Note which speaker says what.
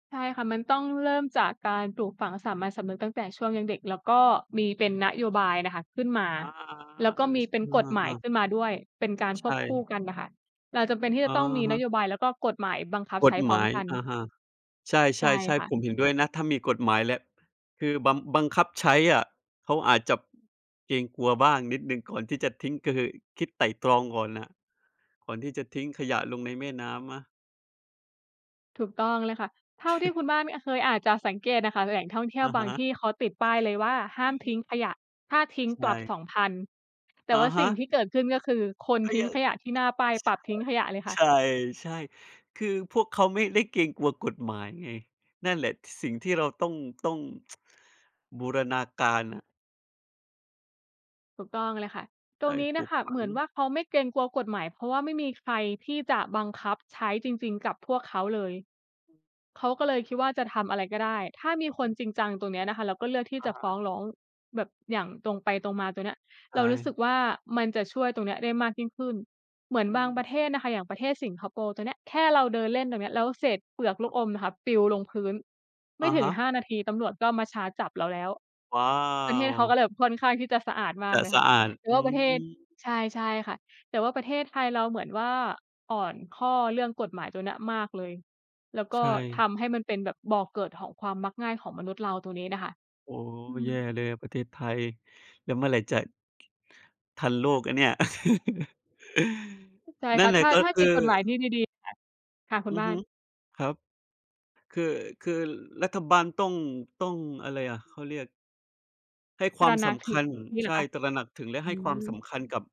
Speaker 1: ใช่ค่ะ มันต้องเริ่มจากการปลูกฝังสามัญสำนึกตั้งแต่ช่วงยังเด็ก แล้วก็มีเป
Speaker 2: เ
Speaker 1: ็
Speaker 2: ฮ
Speaker 1: น
Speaker 2: ้ย
Speaker 1: นโยบายน่ะค่ะขึ้นมา
Speaker 2: อา
Speaker 1: แล้ว
Speaker 2: ๆ
Speaker 1: ก
Speaker 2: เ
Speaker 1: ็
Speaker 2: ออ
Speaker 1: มี
Speaker 2: ช
Speaker 1: เป็น
Speaker 2: เออ
Speaker 1: กฎหมา
Speaker 2: อ
Speaker 1: ย
Speaker 2: า ๆ
Speaker 1: ขึ้นมาด้วย เป็นการ
Speaker 2: ใ
Speaker 1: ค
Speaker 2: ช
Speaker 1: วบคู่
Speaker 2: ่
Speaker 1: กันน่ะค่ะ เราจำเป็นที่จ
Speaker 2: อะ
Speaker 1: ะต้องมี
Speaker 2: ฮ
Speaker 1: น
Speaker 2: ะ
Speaker 1: โยบาย แล้วก็กฎหมายบังคับ
Speaker 2: ก
Speaker 1: ใช้
Speaker 2: ฎ
Speaker 1: พร
Speaker 2: ห
Speaker 1: ้
Speaker 2: ม
Speaker 1: อม
Speaker 2: าย
Speaker 1: กัน
Speaker 2: อะฮะ ใช
Speaker 1: ใช่
Speaker 2: ่
Speaker 1: ค่
Speaker 2: ๆ ๆ ผ
Speaker 1: ะ
Speaker 2: มเห็นด้วยนะ ถ้ามีกฎหมายและ คือบำ บังคับใช้อะ เขาอาจจะเกรงกลัวบ้างนิดหนึ่งก่อนที่จะทิ้ง ก็คือคิดไตร่ตรองก่อนน่ะ ก่อนที่จะทิ้งขยะลงในแม่น้ำนะ
Speaker 1: ถูกต้องเลยค่ะ เท่าที่คุณบ้านมี อะ เคยอาจจะสังเกตอะค่ะ แหล่งท่องเที่ย
Speaker 2: อ
Speaker 1: ว
Speaker 2: ะ
Speaker 1: บ
Speaker 2: ฮ
Speaker 1: าง
Speaker 2: ะ
Speaker 1: ที่เขาติดป้ายเลยว่า ห้าม
Speaker 2: อื
Speaker 1: ทิ
Speaker 2: ม
Speaker 1: ้งขยะ ถ้าทิ้ง
Speaker 2: ใช
Speaker 1: ปรับ ส
Speaker 2: ่
Speaker 1: องพัน แต่
Speaker 2: อะ
Speaker 1: ว่า
Speaker 2: ฮ
Speaker 1: สิ่ง
Speaker 2: ะ
Speaker 1: ที่เกิดขึ้นก็คือ คน
Speaker 2: ก็
Speaker 1: ทิ้
Speaker 2: ย
Speaker 1: ง
Speaker 2: ัง
Speaker 1: ขยะที่หน้าป้ายปรับทิ้งขยะเลยค่ะ
Speaker 2: เออ ใช่ ๆ ๆ คือพวกเขาไม่ได้เกรงกลัวกฎหมายไง นั่นแหละสิ่งที่เราต้อง ต้อง บูรณาการน่ะ
Speaker 1: ถูกต้องเลยค่ะ ต
Speaker 2: ใ
Speaker 1: ร
Speaker 2: ช่
Speaker 1: งนี้
Speaker 2: ป
Speaker 1: น่
Speaker 2: ลู
Speaker 1: ะ
Speaker 2: ก
Speaker 1: ค่ะ
Speaker 2: ฝั
Speaker 1: เหม
Speaker 2: ง
Speaker 1: ือนว่าเขาไม่เกรงกลัวกฎหมาย เพราะว่าไม่มีใครที่จะบังคับใช้จริง ๆ กับพวกเขาเลย
Speaker 2: อืม
Speaker 1: เขาก็เลยคิดว่าจะทำอะไรก็ได้ ถ้ามีค
Speaker 2: เ
Speaker 1: น
Speaker 2: ออ
Speaker 1: จริงจังตรงเนี้ยนะคะ แล้วก็เลือกที่
Speaker 2: อ
Speaker 1: จ
Speaker 2: ะ
Speaker 1: ะ
Speaker 2: ฮ
Speaker 1: ฟ้
Speaker 2: ะ
Speaker 1: องร้องแบบอย่างตรงไปตรงมา ตรงเนี้ย
Speaker 2: ใช
Speaker 1: เรารู้สึ
Speaker 2: ่
Speaker 1: กว่า มันจะช่วยตรงเนี้ยได้มากยิ่งขึ้น เหมือน
Speaker 2: อื
Speaker 1: บางป
Speaker 2: ม
Speaker 1: ระเทศอะค่ะ อย่างประเทศสิงคโปร์ตัวเนี้ย แค่เราเดินเล่นตรงนี้ แล้วเศษเปลือกลู
Speaker 2: ครั
Speaker 1: ก
Speaker 2: บ
Speaker 1: อมนะคะปลิวลงพื้น ไม
Speaker 2: อ
Speaker 1: ่
Speaker 2: ะ
Speaker 1: ถ
Speaker 2: ฮ
Speaker 1: ึง
Speaker 2: ะ
Speaker 1: 5 นาที ตำรวจก็มาชาร์จจับเราแล้ว
Speaker 2: ว้า
Speaker 1: ประเทศเขา
Speaker 2: ว!
Speaker 1: ก็เลยแบบค่อนข้างที่จะสะอาดมา
Speaker 2: จ
Speaker 1: ก
Speaker 2: ะ
Speaker 1: เลย
Speaker 2: ส
Speaker 1: ค่
Speaker 2: ะ
Speaker 1: ะ
Speaker 2: อาด
Speaker 1: แล้
Speaker 2: อื
Speaker 1: วประเทศ
Speaker 2: ม
Speaker 1: ใช่ ใช่ค่ะ แต่ว่าประเทศไทยเราเหมือนว่า อ่อนข้อเรื่องกฎหมายตัวเนี้ยมากเลย แล้วก
Speaker 2: ใ
Speaker 1: ็
Speaker 2: ช
Speaker 1: ท
Speaker 2: ่
Speaker 1: ำให้มันเป็นแบบบ่อเกิดของความมักง่ายของมนุษย์เราตรงนี้น่ะค่ะ
Speaker 2: โอ้โฮ
Speaker 1: อื
Speaker 2: แย่
Speaker 1: ม
Speaker 2: เลยอะประเทศไทย แล้วเมื่อไหร่จะ ทันโลกอะเนี่ย
Speaker 1: ใช่
Speaker 2: นั
Speaker 1: ค
Speaker 2: ่
Speaker 1: ่
Speaker 2: น
Speaker 1: ะ
Speaker 2: แหล
Speaker 1: ถ
Speaker 2: ะ
Speaker 1: ้า
Speaker 2: ก็
Speaker 1: ถ้า
Speaker 2: ค
Speaker 1: ม
Speaker 2: ื
Speaker 1: ี
Speaker 2: อ
Speaker 1: กฎหมายที่ดี ๆ ค่ะ ค่ะคุ
Speaker 2: อ
Speaker 1: ณ
Speaker 2: ือ
Speaker 1: บ้า
Speaker 2: ฮึ
Speaker 1: น
Speaker 2: ครับ คือ คือรัฐบาลต้อง ต้อง อะไรอะ เขาเรียก ให้ค
Speaker 1: ต
Speaker 2: ว
Speaker 1: ร
Speaker 2: าม
Speaker 1: ะหน
Speaker 2: ส
Speaker 1: ักถ
Speaker 2: ำ
Speaker 1: ึ
Speaker 2: ค
Speaker 1: ง
Speaker 2: ัญ
Speaker 1: งี้เห
Speaker 2: ใ
Speaker 1: ร
Speaker 2: ช
Speaker 1: อ
Speaker 2: ่
Speaker 1: คะ?
Speaker 2: ตระหนักถึงและ
Speaker 1: อ
Speaker 2: ใ
Speaker 1: ื
Speaker 2: ห้ความส
Speaker 1: ม
Speaker 2: ำคัญกับ